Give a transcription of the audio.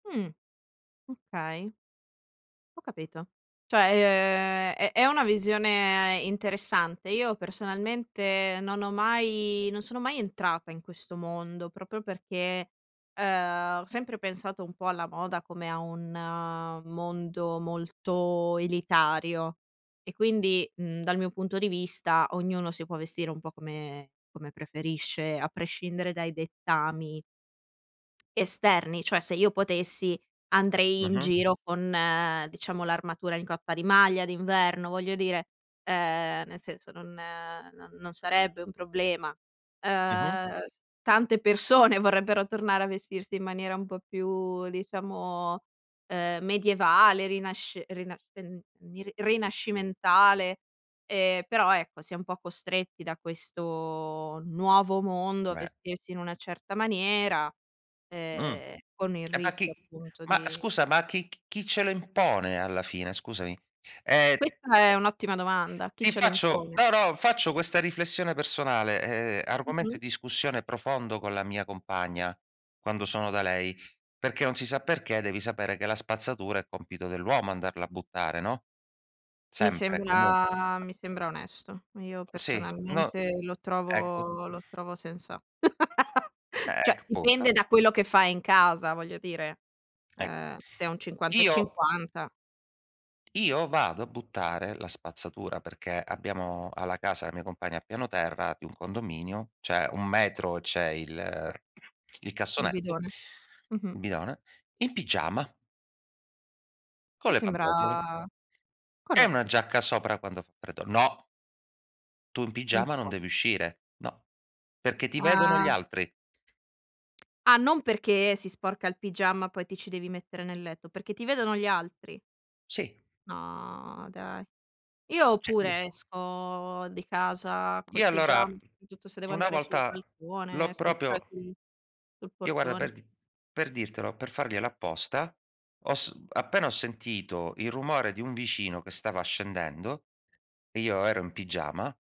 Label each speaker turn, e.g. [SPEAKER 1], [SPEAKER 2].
[SPEAKER 1] Mh. Okay. Ho capito. Cioè ehm, è è una visione interessante. Io personalmente non ho mai, non sono mai entrata in questo mondo proprio perché, ehm, ho sempre pensato un po' alla moda come a un, ehm, a mondo molto elitario e quindi, mhmm, dal mio punto di vista ognuno si può vestire un po' come come preferisce a prescindere dai dettami esterni, cioè se io potessi andrei in
[SPEAKER 2] Mh-mh.
[SPEAKER 1] giro con, ehm, diciamo l'armatura in coppa di maglia d'inverno, voglio dire ehm, nel senso non ehm, no, non sarebbe un problema.
[SPEAKER 2] Mh-mh.
[SPEAKER 1] Ehm, tante persone, vorrebbero tornare a vestirsi in maniera un po' più diciamo, ehm, medievale, rinasc rina rin ri rinascimentale, ehm, però ecco si è un po' costretti da questo nuovo mondo a
[SPEAKER 2] Ve
[SPEAKER 1] vestirsi in una certa maniera,
[SPEAKER 2] Mh.
[SPEAKER 1] ehm, con il
[SPEAKER 2] E ma
[SPEAKER 1] rischio
[SPEAKER 2] chi
[SPEAKER 1] appunto
[SPEAKER 2] ma
[SPEAKER 1] di
[SPEAKER 2] scusa, ma chi ch chi ce lo impone alla fine, scusami? ehm
[SPEAKER 1] Questa è un'ottima domanda, chi
[SPEAKER 2] ti
[SPEAKER 1] ce lo
[SPEAKER 2] faccio
[SPEAKER 1] impone?
[SPEAKER 2] no, no, faccio questa riflessione personale, ehm, argomento
[SPEAKER 1] Mh-mh.
[SPEAKER 2] di discussione profondo con la mia compagna quando sono da lei, perché non si sa perché, devi sapere che la spazzatura è compito dell'uomo andarla a buttare, no,
[SPEAKER 1] Mi
[SPEAKER 2] sempre e comun
[SPEAKER 1] sembra mi sembra onesto. Io
[SPEAKER 2] Sì, no
[SPEAKER 1] personalmente lo
[SPEAKER 2] ecco.
[SPEAKER 1] trovo lo trovo sensa
[SPEAKER 2] Ehm,
[SPEAKER 1] Cioè dipende
[SPEAKER 2] [unintelligible]
[SPEAKER 1] da quello che fai in casa voglio dire.
[SPEAKER 2] Ec
[SPEAKER 1] Ehm, se è un cinquanta e
[SPEAKER 2] Io
[SPEAKER 1] cinquanta
[SPEAKER 2] io vado a buttare la spazzatura- perché abbiamo ha la casa, la mia compagna, al piano terra di un condominio, cioè un metro c'è il il
[SPEAKER 1] Un
[SPEAKER 2] cassonetto
[SPEAKER 1] bidone. Mh-mh.
[SPEAKER 2] il bidone- in pigiama con
[SPEAKER 1] Mi
[SPEAKER 2] le pantofole
[SPEAKER 1] sembra
[SPEAKER 2] e una
[SPEAKER 1] corretto.
[SPEAKER 2] giacca sopra quando fa freddo." No tu in
[SPEAKER 1] Non
[SPEAKER 2] pigiama
[SPEAKER 1] si
[SPEAKER 2] non
[SPEAKER 1] può.
[SPEAKER 2] devi uscire. No. Perché ti vedono gli
[SPEAKER 1] Ah.
[SPEAKER 2] altri."
[SPEAKER 1] Ah non perché si sporca il pigiama poi ti ci devi mettere nel letto, perché ti vedono gli altri.
[SPEAKER 2] Sì.
[SPEAKER 1] No dai. Io
[SPEAKER 2] Cioè
[SPEAKER 1] pure esco di casa col
[SPEAKER 2] Io
[SPEAKER 1] pigiama,
[SPEAKER 2] allora
[SPEAKER 1] soprattutto se devo
[SPEAKER 2] una
[SPEAKER 1] andare sul
[SPEAKER 2] volta l'ho
[SPEAKER 1] balcone, sul cioè
[SPEAKER 2] proprio
[SPEAKER 1] sul sul
[SPEAKER 2] Io guarda
[SPEAKER 1] portone.
[SPEAKER 2] per di per dirtelo, per farglielo apposta, ho s appena ho sentito il rumore di un vicino che stava scendendo e io ero in pigiama